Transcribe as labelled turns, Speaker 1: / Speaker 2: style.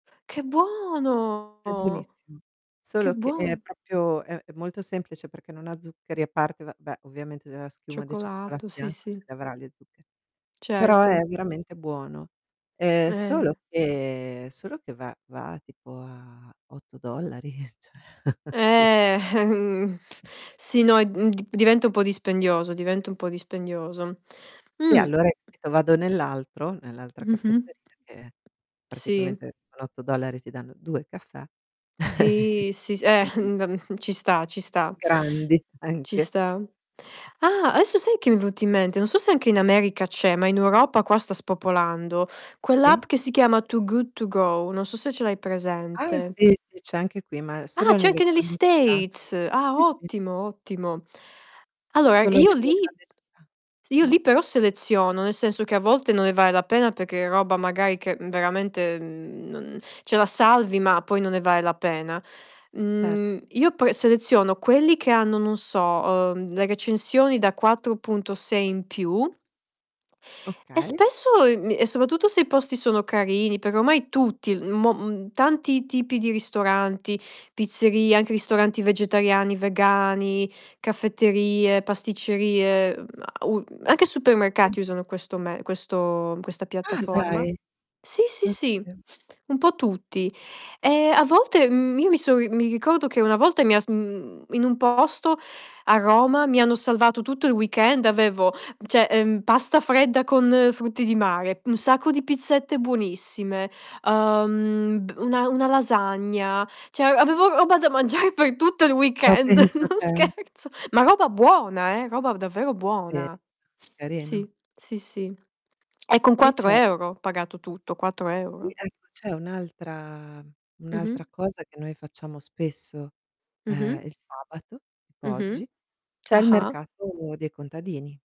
Speaker 1: Che
Speaker 2: È
Speaker 1: buono!
Speaker 2: buonissimo.
Speaker 1: Che
Speaker 2: Solo che è
Speaker 1: buon
Speaker 2: proprio è è molto semplice perché non ha zuccheri, a parte, va beh, ovviamente d la schiuma di cioccolato
Speaker 1: Cioccolato, sì,
Speaker 2: bianco ce
Speaker 1: sì.
Speaker 2: li avrà gli zuccheri, però è
Speaker 1: Certo.
Speaker 2: veramente buono. Ehm,
Speaker 1: Eh.
Speaker 2: solo che solo che va va tipo a $8, cioè.
Speaker 1: Eh. Sì, no, ehm, d diventa un po' dispendioso,
Speaker 2: Eh,
Speaker 1: diventa un po'
Speaker 2: sì.
Speaker 1: dispendioso.
Speaker 2: Sì,
Speaker 1: Mh.
Speaker 2: allora [unintelligible] vado nell'altro nell'altra
Speaker 1: Mh-mh.
Speaker 2: caffetteria, che
Speaker 1: Sì.
Speaker 2: praticamente con $8 ti danno 2 caffè.
Speaker 1: Sì, sì, s eh,
Speaker 2: capi
Speaker 1: mhmm, ehm, ci sta, ci sta
Speaker 2: Grandi,
Speaker 1: ci
Speaker 2: anche. Eh.
Speaker 1: sta. Ah! Adesso sai che mi è venuto in mente? Non so se anche in America c'è, ma in Europa qua sta spopolando.
Speaker 2: Sì.
Speaker 1: Quell'app che si chiama To Good To Go, non so se ce l'hai
Speaker 2: Ah!
Speaker 1: presente.
Speaker 2: Sì, sì, c'è anche qui, ma
Speaker 1: Ah!
Speaker 2: solo
Speaker 1: C'è
Speaker 2: nelle
Speaker 1: anche negli
Speaker 2: grandi città.
Speaker 1: States. Ah,
Speaker 2: Sì, sì.
Speaker 1: ottimo, ottimo. Allora,
Speaker 2: Solo
Speaker 1: io
Speaker 2: nelle
Speaker 1: lì
Speaker 2: grandi città.
Speaker 1: io
Speaker 2: Mh.
Speaker 1: lì però seleziono. Nel senso, che a volte non ne vale la pena perché è roba magari che, mhmm, veramente, mhmm, non cioè, la salvi, ma poi non ne vale la pena.
Speaker 2: Cer
Speaker 1: Mhmm, io poi seleziono quelli che hanno, non so, uhm, le recensioni da 4.6 in più e
Speaker 2: Okay.
Speaker 1: spesso ehm, e soprattutto se i posti sono carini, perché ormai tutti, mo mhmm, tanti tipi di ristoranti, pizzerie, anche ristoranti vegetariani, vegani, caffetterie, pasticcerie, mhmm, a u anche
Speaker 2: S sì.
Speaker 1: supermercati usano questo me questo questa
Speaker 2: Ah!
Speaker 1: piattaforma.
Speaker 2: Dai.
Speaker 1: Sì, sì,
Speaker 2: Non
Speaker 1: sì,
Speaker 2: sapevo.
Speaker 1: un po' tutti. E a volte, mhmm, io mi so' ri mi ricordo che una volta mi ha s mhmm, in un posto a Roma mi hanno salvato tutto il weekend avevo cioè, ehm, pasta fredda con frutti di mare, un sacco di pizzette buonissime, uhm, d una una lasagna, cioè, avevo roba da mangiare per tutto il
Speaker 2: Ma
Speaker 1: weekend,
Speaker 2: pensa
Speaker 1: non
Speaker 2: te.
Speaker 1: scherzo. Ma roba buona eh! Roba davvero
Speaker 2: E
Speaker 1: buona.
Speaker 2: carino.
Speaker 1: Sì, sì, sì. E con
Speaker 2: Qui
Speaker 1: quattro
Speaker 2: c'è
Speaker 1: euro ho pagato tutto, quattro
Speaker 2: qui,
Speaker 1: euro.
Speaker 2: ecco, c'è un'altra
Speaker 1: Mh-mh.
Speaker 2: un'altra cosa che noi facciamo spesso,
Speaker 1: Mh-mh.
Speaker 2: ehm, il sabato, tipo
Speaker 1: Mh-mh.
Speaker 2: oggi, c'è il
Speaker 1: Ah-ah.
Speaker 2: mercato dei contadini.